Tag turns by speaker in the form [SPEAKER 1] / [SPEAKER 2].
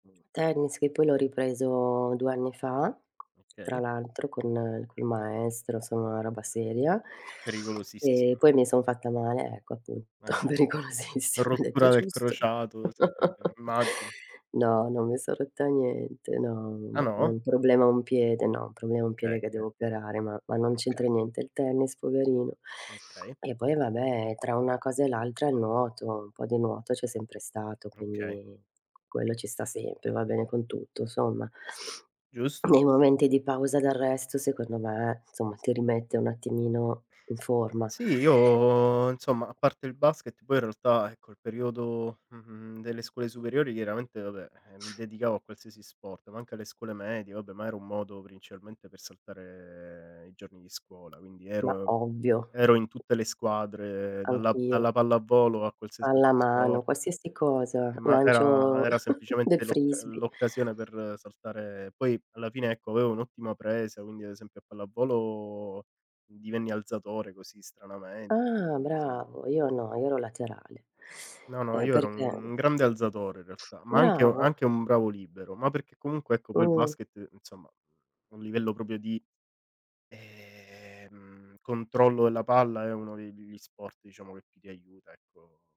[SPEAKER 1] Tennis che poi l'ho ripreso 2 anni fa tra
[SPEAKER 2] Okay.
[SPEAKER 1] l'altro con maestro, insomma una roba seria. E
[SPEAKER 2] Pericolosissima.
[SPEAKER 1] poi mi sono fatta male, ecco appunto,
[SPEAKER 2] Eh, sì.
[SPEAKER 1] pericolosissimo, hai detto
[SPEAKER 2] Rottura del
[SPEAKER 1] giusto.
[SPEAKER 2] crociato, sì, eh, eh, immagino.
[SPEAKER 1] No, non mi son rotta niente, no,
[SPEAKER 2] Ah
[SPEAKER 1] ma ho
[SPEAKER 2] no?
[SPEAKER 1] un problema a un piede, no, un problema a un
[SPEAKER 2] Okay,
[SPEAKER 1] piede che
[SPEAKER 2] okay.
[SPEAKER 1] devo operare, ma ma non
[SPEAKER 2] Oka
[SPEAKER 1] c'entra niente il tennis poverino.
[SPEAKER 2] Okay.
[SPEAKER 1] E poi vabbè tra una cosa e l'altra il nuoto, un po' di nuoto c'è sempre stato,
[SPEAKER 2] Okay.
[SPEAKER 1] quindi quello ci sta sempre, va bene con tutto somma.
[SPEAKER 2] Giusto,
[SPEAKER 1] Nei
[SPEAKER 2] gius
[SPEAKER 1] momenti di pausa d'arresto secondo me, insomma, ti rimette un attimino in forma.
[SPEAKER 2] Sì, io insomma, a parte il basket poi in realtà, ecco, il periodo mhmm, mhmm, delle scuole superiori chiaramente vabbè, eh, mi dedicavo a qualsiasi sport, ma anche alle scuole medie, vabbè ma era un modo principalmente per saltare i giorni di scuola, quindi
[SPEAKER 1] Ma
[SPEAKER 2] ero
[SPEAKER 1] ovvio.
[SPEAKER 2] ero in tutte le squadre dalla
[SPEAKER 1] Anch'io.
[SPEAKER 2] dalla pallavolo a qualsiasi altro
[SPEAKER 1] Pallamano,
[SPEAKER 2] sport.
[SPEAKER 1] qualsiasi cosa,
[SPEAKER 2] Eh, ma era
[SPEAKER 1] lancio
[SPEAKER 2] era
[SPEAKER 1] del
[SPEAKER 2] semplicemente l'occa
[SPEAKER 1] frisbee.
[SPEAKER 2] l'occasione per saltare poi alla fine ecco avevo un'ottima presa, quindi ad esempio a pallavolo divenni alzatore, così, stranamente,
[SPEAKER 1] Ah
[SPEAKER 2] quindi insomma
[SPEAKER 1] bravo, io no, io ero laterale,
[SPEAKER 2] No no,
[SPEAKER 1] ehm,
[SPEAKER 2] io ero
[SPEAKER 1] perché
[SPEAKER 2] un grande alzatore in realtà, ma anche u
[SPEAKER 1] Bravo.
[SPEAKER 2] anche un bravo libero, ma perché comunque ecco quel
[SPEAKER 1] Mh.
[SPEAKER 2] basket, insomma, a un livello proprio di ehm controllo della palla è uno de degli sport diciamo che più ti aiuta ecco.